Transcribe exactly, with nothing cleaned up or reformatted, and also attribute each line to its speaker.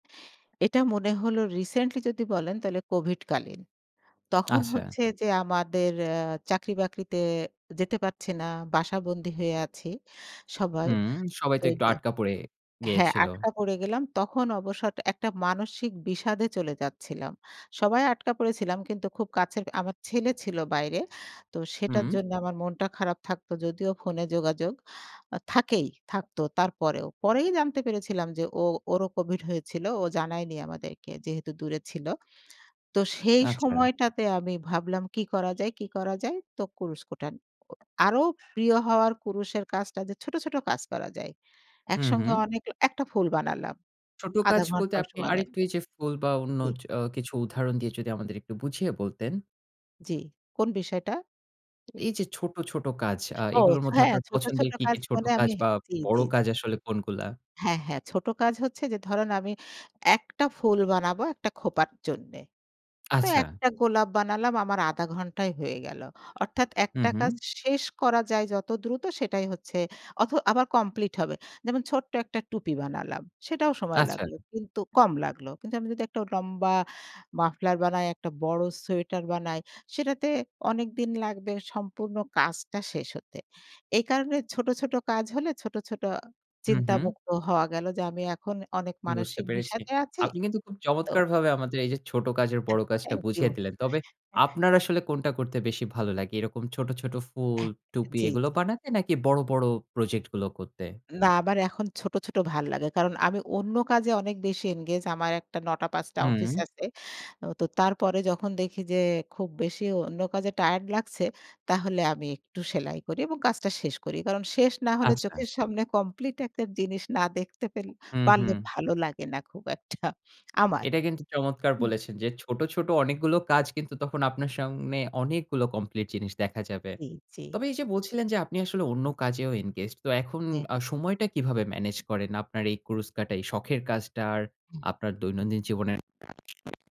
Speaker 1: এটা মনে হলো রিসেন্টলি যদি বলেন তাহলে কোভিড কালীন। তখন
Speaker 2: আচ্ছা।
Speaker 1: হচ্ছে যে, আমাদের এ্যা চাকরি-বাকরিতে যেতে পারছি না। বাসা বন্দি হয়ে আছি সবাই।
Speaker 2: হুম, সবাই তো একটু
Speaker 1: [unintelligible]
Speaker 2: আটকা পড়ে
Speaker 1: হ্যাঁ,
Speaker 2: গেয়েছিল।
Speaker 1: আটকা পড়ে গেলাম। তখন অবসর একটা মানসিক বিষাদে চলে যাচ্ছিলাম। সবাই আটকা পড়েছিলাম কিন্তু খুব কাছের, আমার ছেলে ছিল বাইরে। তো সেটার
Speaker 2: হুম।
Speaker 1: জন্য আমার মনটা খারাপ থাকতো। যদিও ফোনে যোগাযোগ, থাকেই, থাকতো তারপরেও। পরেই জানতে পেরেছিলাম যে, ও ওরও কোভিড হয়েছিল। ও জানায়নি আমাদেরকে যেহেতু দূরে ছিল। তো সেই
Speaker 2: আচ্ছা।
Speaker 1: সময় টাতে আমি ভাবলাম কি করা যায় কি করা যায় তো কুরুষ কুঠান। আরো প্রিয় হওয়ার কুরুষের কাজটা যে, ছোট, ছোট, কাজ করা যায়।
Speaker 2: হু,
Speaker 1: একসঙ্গে
Speaker 2: হুম।
Speaker 1: অনেক, একটা ফুল বানালাম।
Speaker 2: ছোট
Speaker 1: আধা
Speaker 2: কাজ বলতে
Speaker 1: ঘন্টা
Speaker 2: আপনি
Speaker 1: সময় লাগল।
Speaker 2: আরেকটু এই যে, ফুল বা অন্য
Speaker 1: জী।
Speaker 2: এ্যাঁ কিছু উদাহরণ দিয়ে যদি আমাদের একটু বুঝিয়ে বলতেন?
Speaker 1: জ্বি। কোন বিষয়টা?
Speaker 2: এই যে, ছোট, ছোট কাজ আ
Speaker 1: ও
Speaker 2: এগুলোর
Speaker 1: সো
Speaker 2: মধ্যে
Speaker 1: হ্যাঁ,
Speaker 2: আপনার
Speaker 1: ছোট, ছোট,
Speaker 2: পছন্দের কি, কি,
Speaker 1: কাজ
Speaker 2: ছোট
Speaker 1: বলে
Speaker 2: কাজ
Speaker 1: আমি
Speaker 2: বা
Speaker 1: জ্বি,
Speaker 2: বড়
Speaker 1: জ্বি।
Speaker 2: কাজ আসলে কোনগুলা?
Speaker 1: হ্যাঁ, হ্যাঁ, ছোট কাজ হচ্ছে যে, ধরুন আমি, একটা ফুল বানাবো একটা খোঁপার জন্যে। তো
Speaker 2: আচ্ছা।
Speaker 1: একটা গোলাপ বানালাম আমার আধা ঘণ্টাই হয়ে গেল। অর্থাৎ
Speaker 2: হু,
Speaker 1: একটা
Speaker 2: হুম।
Speaker 1: কাজ শেষ করা যায় যত দ্রুত সেটাই হচ্ছে। অথ আবার কমপ্লিট হবে। যেমন ছোট্ট একটা টুপি বানালাম। সেটাও সময়
Speaker 2: আচ্ছা।
Speaker 1: লাগল। কিন্তু কম লাগলো। কিন্তু আমি যদি একটা লম্বা মাফলার বানাই, একটা বড় সোয়েটার বানাই সেটাতে অনেকদিন লাগবে সম্পূর্ণ কাজটা শেষ হতে। এই কারণে ছোট, ছোট, কাজ হলে ছোট, ছোট,
Speaker 2: হু,
Speaker 1: চিন্তা
Speaker 2: হুম।
Speaker 1: মুক্ত হওয়া গেল যে, আমি এখন অনেক
Speaker 2: বুঝতে
Speaker 1: মানসিক
Speaker 2: পেরেছি।
Speaker 1: বিষাদে আছি।
Speaker 2: আপনি কিন্তু খুব
Speaker 1: তো।
Speaker 2: চমৎকারভাবে আমাদের এই যে, ছোট কাজের
Speaker 1: [unintelligible]
Speaker 2: বড় কাজটা
Speaker 1: থ্যাংক ইউ।
Speaker 2: বুঝিয়ে দিলেন। তবে
Speaker 1: এ
Speaker 2: আপনার আসলে কোনটা করতে বেশি ভালো লাগে? এরকম ছোট, ছোট, ফুল,
Speaker 1: এহ
Speaker 2: টুপি
Speaker 1: জি,
Speaker 2: এগুলো
Speaker 1: জি।
Speaker 2: বানাতে নাকি বড়, বড়, প্রজেক্ট গুলো করতে?
Speaker 1: না আমার এখন ছোট, ছোট, ভাল লাগে। কারণ আমি অন্য কাজে অনেক বেশি এনগেজ আমার একটা নটা পাঁচ টা অফিস
Speaker 2: হুম।
Speaker 1: আছে। ও তো তারপরে যখন দেখি যে, খুব বেশি অন্য কাজে টায়ার্ড লাগছে, তাহলে আমি একটু সেলাই করি এবং কাজটা শেষ করি। কারণ শেষ না হলে
Speaker 2: আচ্ছা।
Speaker 1: চোখের সামনে কমপ্লিট একটা জিনিস না দেখতে পেল
Speaker 2: হু,
Speaker 1: পারলে
Speaker 2: হুম।
Speaker 1: ভালো লাগে না খুব একটা আমার।
Speaker 2: এটা কিন্তু চমৎকার
Speaker 1: হুম।
Speaker 2: বলেছেন যে, ছোট, ছোট, অনেকগুলো কাজ কিন্তু তখন আপনার সামনে অনেকগুলো কমপ্লিট জিনিস দেখা যাবে।
Speaker 1: জি, জ্বী।
Speaker 2: তবে এই যে, বলছিলেন যে, আপনি আসলে অন্য কাজেও ইনগেজড তো এখন
Speaker 1: হ্যাঁ।
Speaker 2: আ সময়টা কিভাবে ম্যানেজ করেন আপনার এই কুরুচকাটা এই শখের কাজটার
Speaker 1: হুম।
Speaker 2: আপনার দৈনন্দিন জীবনের